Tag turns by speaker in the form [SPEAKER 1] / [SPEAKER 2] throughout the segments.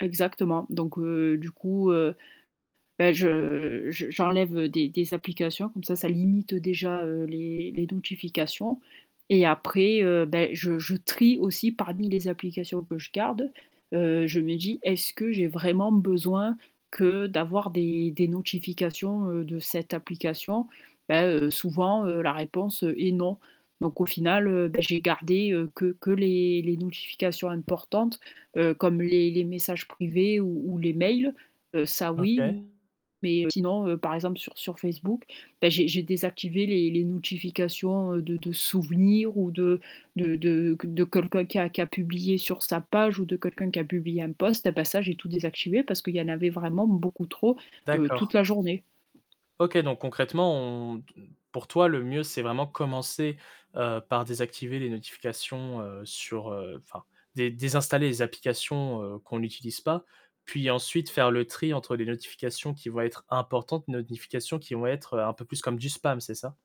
[SPEAKER 1] Exactement, donc heu, du coup, heu, bah je je j'enlève, heu, des des applications comme ça ça limite déjà, heu, les les notifications et après, heu, ben je je trie aussi parmi les applications que je garde, heu, je me dis: «Est-ce que j'ai vraiment besoin que d'avoir des des notifications, heu, de cette application?» bah, heu, souvent, heu, la réponse est «Non» donc au final, heu, bah j'ai gardé, heu, que que les les notifications importantes, heu, comme les les messages privés ou ou les mails, heu, ça oui.
[SPEAKER 2] OK.
[SPEAKER 1] Mais heu, sinon, heu, par exemple sur sur Facebook, bah j'ai j'ai désactivé les les notifications, heu, de de souvenirs ou de de de q de comme quelqu'un qui a publié sur sa page ou de quelqu'un qui a publié un post, ah bah ça j'ai tout désactivé parce qu'il y en avait vraiment beaucoup trop, heu, toute
[SPEAKER 2] D'accord.
[SPEAKER 1] la journée.
[SPEAKER 2] OK donc concrètement on te pour toi le mieux c'est vraiment commencer, heu, par désactiver les notifications heu, sur, heu, enfin dé désinstaller les applications, heu, qu'on utilise pas puis ensuite faire le tri entre les notifications qui vont être importantes, notifications qui vont être, heu, un peu plus comme du spam c'est ça?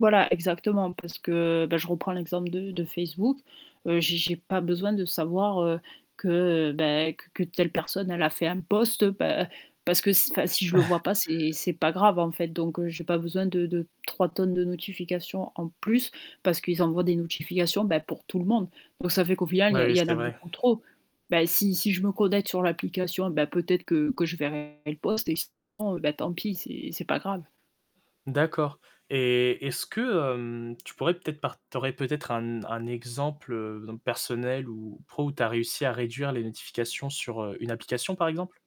[SPEAKER 1] Voilà, exactement parce que, bah, je reprends l'exemple de de Facebook, heu, j'ai j'ai pas besoin de savoir, heu, que beh, q que telle personne, elle a fait un post bah, parce que si enfin si je le vois pas, c'est c'est pas grave en fait, donc heu, j'ai pas besoin de de 3 tonnes de notification en plus parce qu'ils envoient des notifications bah pour tout le monde, donc ça fait qu'au final il
[SPEAKER 2] Oui,
[SPEAKER 1] y a
[SPEAKER 2] oui,
[SPEAKER 1] il y en
[SPEAKER 2] c'est
[SPEAKER 1] a
[SPEAKER 2] vrai.
[SPEAKER 1] beaucoup trop. Bah si si je me connecte sur l'application, ben peut-être que que je verrai le post et sinon bah, tant pis, c'est c'est pas grave.
[SPEAKER 2] D'accord et est-ce que, hem, tu pourrais peut-être par tu aurais peut-être un n un exemple, heu, donc personnel ou pro où tu as réussi à réduire les notifications sur, heu, une application par exemple?